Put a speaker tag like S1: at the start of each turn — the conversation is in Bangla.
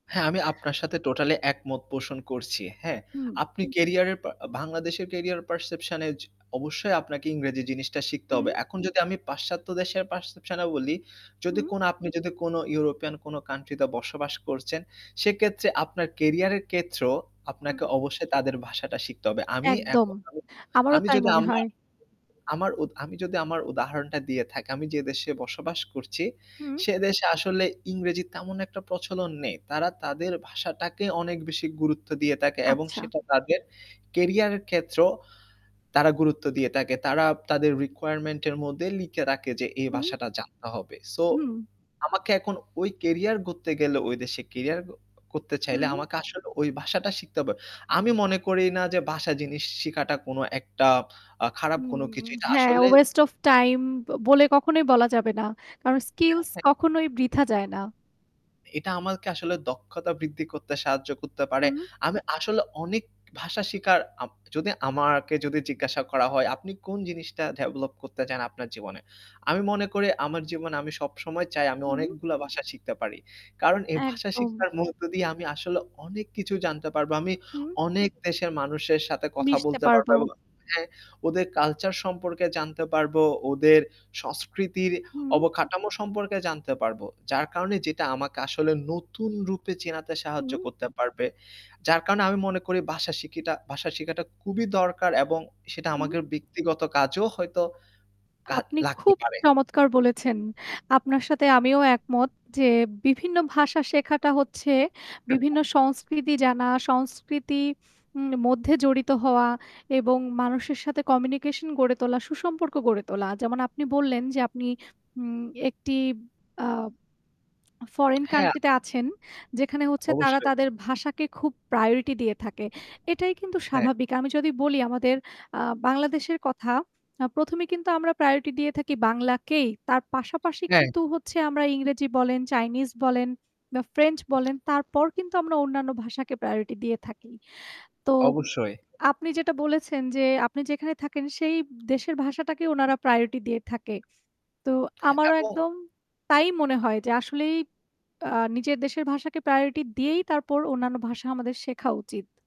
S1: হ্যাঁ, আমি আপনার সাথে টোটালি একমত পোষণ করছি। হ্যাঁ,
S2: হুম।
S1: আপনি কেরিয়ারের পা বাংলাদেশের কেরিয়ার পারসেপশন এ য অবশ্যই আপনাকে ইংরেজি জিনিসটা শিখতে হবে।
S2: হুম।
S1: এখন যদি আমি পাশ্চাত্য দেশের পারসেপশন এ বলি যদি
S2: হুম।
S1: আপনি যদি কোনো ইউরোপিয়ান কোন কান্ট্রি তে বসবাস করছেন সেক্ষেত্রে আপনার কেরিয়ারের ক্ষেত্রেও
S2: হুম।
S1: আপনাকে অবশ্যই তাদের ভাষাটা শিখতে হবে। আমি
S2: একদম,
S1: এখন
S2: আমারও
S1: আমি
S2: তাই
S1: যদি
S2: মনে
S1: আমা
S2: হয়।
S1: আমি উত যদি আমার উদাহরণটা দিয়ে থাকি আমি যে দেশে বসবাস করছি,
S2: হুম।
S1: সেদেশে আসলে ইংরেজি তেমন একটা প্রচলন নেই। তারা তাদের ভাষাটাকে অনেক বেশি গুরুত্ব দিয়ে থাকে এবং
S2: আচ্ছা।
S1: সেটা তাদের কেরিয়ারের ক্ষেত্রেও তারা গুরুত্ব দিয়ে থাকে। তারা তাদের রিকোয়ারমেন্ট এর মধ্যে লিখে রাখে যে এই
S2: হু।
S1: ভাষাটা জানতে হবে। সো,
S2: হুম।
S1: আমাকে এখন ওই কেরিয়ার গড়তে গেলে ওই দেশে কেরিয়ার ক করতে চাইলে
S2: হুম।
S1: আমাকে আসলে ওই ভাষাটা শিখতে হবে। আমি মনে করি না যে ভাষা জিনিস শিখাটা কোনো একটা আ খারাপ কোনো
S2: হুম,
S1: কিছু। এটা
S2: হ্যাঁ
S1: আসলে
S2: ওয়েস্ট অফ টাইম ব বলে কখনোই বলা যাবে না। কারণ
S1: হ্যাঁ,
S2: স্কিলস
S1: হ্যাঁ।
S2: কখনোই বৃথা যায় না।
S1: এটা আমাকে আসলে দক্ষতা বৃদ্ধি করতে সাহায্য করতে পারে।
S2: হুম।
S1: আমি আসলে অনেক ভাষা শিখার, আপ যদি আমাকে যদি জিজ্ঞাসা করা হয় আপনি কোন জিনিসটা ডেভেলপ করতে চান আপনার জীবনে? আমি মনে করি আমার জীবনে আমি সবসময় চাই আমি
S2: হুম।
S1: অনেকগুলা ভাষা শিখতে পারি। কারণ এই ভাষা
S2: একদম।
S1: শিখার মধ্য দিয়ে আমি আসলে অনেক কিছু জানতে পারবো। আমি
S2: হুম।
S1: অনেক দেশের মানুষের সাথে কথা
S2: মিশতে
S1: বলতে
S2: পারব।
S1: পারবো এবং হ্যাঁ, ওদের কালচার সম্পর্কে জানতে পারব, ওদের সংস্কৃতির
S2: হুম।
S1: অবকাঠামো সম্পর্কে জানতে পারবো। যার কারণে যেটা আমাকে আসলে নতুন রূপে চেনাতে সাহায্য
S2: হুম।
S1: করতে পারবে। যার কারণে আমি মনে করি ভাষা শিখিটা ভাষা শিখাটা খুবই দরকার এবং সেটা
S2: হুম।
S1: আমাদের ব্যক্তিগত কাজেও হয়তো কা
S2: আপনি
S1: লাগতে
S2: খুব
S1: পারে।
S2: চমৎকার বলেছেন। আপনার সাথে আমিও একমত যে বিভিন্ন ভাষা শেখাটা হচ্ছে
S1: [unintelligible]
S2: বিভিন্ন সংস্কৃতি জানা, সংস্কৃতি উম মধ্যে জড়িত হওয়া এবং মানুষের সাথে কমিউনিকেশন গড়ে তোলা সুসম্পর্ক গড়ে তোলা। যেমন আপনি বললেন যে আপনি উম একটি আ ফরেন
S1: হ্যাঁ।
S2: কান্ট্রি তে আছেন যেখানে হচ্ছে তারা
S1: অবশ্যই।
S2: তাদের ভাষাকে খুব প্রায়োরিটি দিয়ে থাকে। এটাই কিন্তু
S1: হ্যাঁ।
S2: স্বাভাবিক। আমি যদি বলি আমাদের আ বাংলাদেশের কথা ১ম এই কিন্তু আমরা প্রায়োরিটি দিয়ে থাকি বাংলাকেই তার পাশাপাশি
S1: অ্যা
S2: কিন্তু হচ্ছে আমরা ইংরেজি বলেন, চাইনিজ বলেন বা ফ্রেঞ্চ বলেন তারপর কিন্তু আমরা অন্যান্য ভাষাকে প্রায়োরিটি দিয়ে থাকি। তো
S1: অবশ্যই।
S2: আপনি যেটা বলেছেন যে আপনি যেখানে থাকেন সেই দেশের ভাষাটাকে উনারা প্রায়োরিটি দিয়ে থাকে। তো আমারও
S1: এবং
S2: একদম, তাই মনে হয় যে আসলেই আ নিজের দেশের ভাষাকে প্রায়োরিটি দিয়েই তারপর অন্যান্য ভাষা আমাদের শেখা উচিত।